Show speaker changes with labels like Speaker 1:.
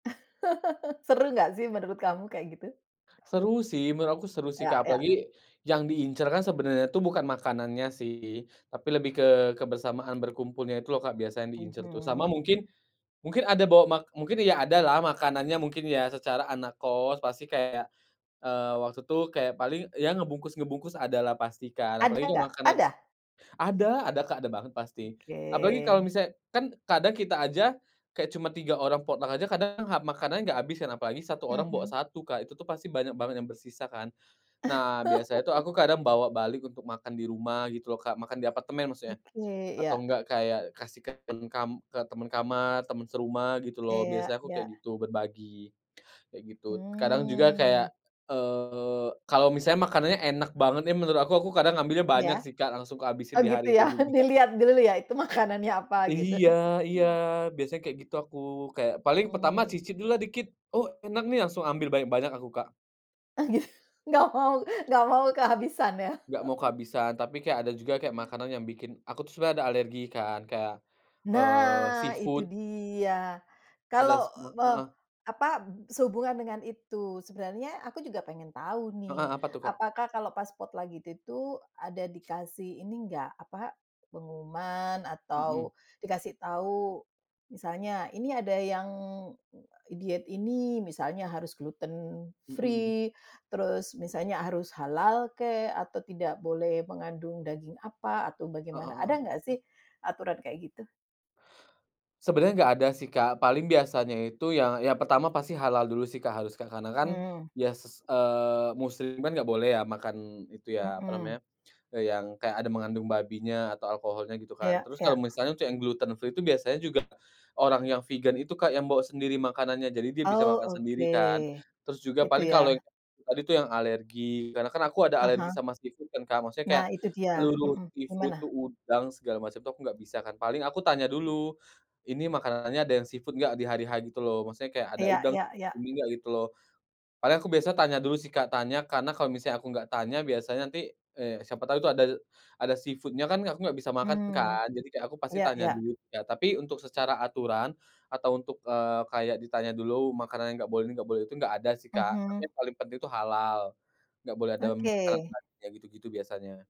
Speaker 1: Seru enggak sih, menurut kamu, kayak gitu?
Speaker 2: Seru sih, menurut aku seru sih
Speaker 1: Iya
Speaker 2: Kak,
Speaker 1: iya.
Speaker 2: apalagi, yang diincer kan sebenernya tuh, bukan makanannya sih, tapi lebih ke kebersamaan berkumpulnya, itu loh Kak, biasa yang diincer tuh, sama
Speaker 1: Mhm.
Speaker 2: mungkin, mungkin ada bawa mak mungkin, ya ada lah makanannya, mungkin ya secara anak kos, pasti kayak, eee, waktu itu kayak paling yang ngebungkus-ngebungkus, ada lah pasti Kak,
Speaker 1: Ada
Speaker 2: apalagi kalo
Speaker 1: enggak?
Speaker 2: makanan
Speaker 1: Ada?
Speaker 2: ada ada Kak ada banget pasti, apalagi kalo
Speaker 1: Oke.
Speaker 2: misalnya kan kadang kita aja, kayak cuma 3 orang potong aja, kadang makanan gak abis kan apalagi 1 orang bawa
Speaker 1: Mhm.
Speaker 2: 1 Kak, itu tuh pasti banyak banget yang bersisa kan. Nah, biasanya tuh aku kadang bawa balik untuk makan di rumah, gitu loh Kak makan di apartemen maksudnya,
Speaker 1: Oke,
Speaker 2: atau
Speaker 1: iya.
Speaker 2: enggak kayak kasih kan kam ke temen kamar, temen serumah gitu
Speaker 1: Iya
Speaker 2: loh,
Speaker 1: iya,
Speaker 2: biasanya aku kayak
Speaker 1: yak.
Speaker 2: gituk berbagi, kayak gitu kadang juga
Speaker 1: Mmm.
Speaker 2: kayak, eee, kalo misalnya makanannya enak banget ya, menurut aku aku kadang ngambilnya
Speaker 1: Iya,
Speaker 2: banyak sih Kak, langsung ku habisin
Speaker 1: oh
Speaker 2: di
Speaker 1: gitu
Speaker 2: hari
Speaker 1: ya
Speaker 2: itu juga.
Speaker 1: dilihat dulu ya, itu makanannya apa gitu.
Speaker 2: Iya iya, biasanya kayak gitu aku kayak paling pertama
Speaker 1: Mmm.
Speaker 2: cicip dulu lah dikit, oh enak nih, langsung ambil banyak-banyak aku Kak.
Speaker 1: Oh gitu, enggak mau enggak mau kehabisan ya.
Speaker 2: Enggak mau kehabisan, tapi kayak ada juga kayak makanan yang bikin aku tuh sebenernya ada alergi kan kayak, eee,
Speaker 1: Nah itu
Speaker 2: seafood.
Speaker 1: dia,
Speaker 2: Ada
Speaker 1: kalau,
Speaker 2: sema
Speaker 1: eee,
Speaker 2: heeh.
Speaker 1: apa sehubungan dengan itu sebenarnya, aku juga pengen tahu
Speaker 2: Heeh,
Speaker 1: nih,
Speaker 2: apa tuh Kak?
Speaker 1: apakah kalau pas spot lagi itu itu ada dikasih ini enggak, apa pengumuman atau,
Speaker 2: Mhm.
Speaker 1: dikasih tahu, misalnya, ini ada yang, diet ini, misalnya harus gluten
Speaker 2: Mhm mhm.
Speaker 1: free, terus misalnya harus halal kek, atau tidak boleh mengandung daging apa, atau
Speaker 2: Heeh
Speaker 1: bagaimana ada
Speaker 2: heeh.
Speaker 1: enggak sih, aturan kayak gitu?
Speaker 2: Sebenernya enggak ada sih Kak, paling biasanya itu yang yang pertama pasti halal dulu sih Kak, harus Kak, karena kan,
Speaker 1: Mmm.
Speaker 2: ya ses eee, muslim kan enggak boleh ya, makan itu ya, apa
Speaker 1: Mhm.
Speaker 2: namanya, yang kayak ada mengandung babinya atau alkoholnya gitu kan,
Speaker 1: Iya
Speaker 2: terus kalo
Speaker 1: iya.
Speaker 2: misalnya untuk yang gluten free itu biasanya juga, orang yang vegan itu Kak, yang bawa sendiri makanannya, jadi dia bisa
Speaker 1: Oh,
Speaker 2: makan
Speaker 1: oke.
Speaker 2: sendiri kan. Terus juga,
Speaker 1: Gitu
Speaker 2: paling
Speaker 1: ya.
Speaker 2: kalo yang tadi tuh yang alergi karena kan aku ada
Speaker 1: Ah hah.
Speaker 2: alergi sama seafood kan Kak, maksudnya
Speaker 1: Nah
Speaker 2: kayak,
Speaker 1: itu dia
Speaker 2: seluruh
Speaker 1: mhm,
Speaker 2: seafood tuh,
Speaker 1: gimana?
Speaker 2: udang segala macem tuh, aku enggak bisa kan. Paling aku tanya dulu, "Ini makanannya ada yang seafood enggak" di hari-H gitu loh maksudnya kayak ada
Speaker 1: Iya
Speaker 2: udang
Speaker 1: iya iya.
Speaker 2: gini enggak gitu loh. Padahal, aku biasanya tanya dulu sih Kak, tanya karena kalo misalnya aku enggak tanya, biasanya nanti, eee, siapa tau itu ada ada seafood-nya kan aku enggak bisa makan
Speaker 1: Hmm,
Speaker 2: kan. Jadi, kayak aku pasti
Speaker 1: iya
Speaker 2: tanya
Speaker 1: iya.
Speaker 2: dulu, ya tapi untuk secara aturan, atau untuk, eee, kayak ditanya dulu makanan enggak boleh ini, enggak boleh itu, enggak ada sih Kak, tapi
Speaker 1: Mhm.
Speaker 2: yang paling penting itu halal. Enggak boleh dalam makanan
Speaker 1: Oke.
Speaker 2: babinya gitu-gitu biasanya.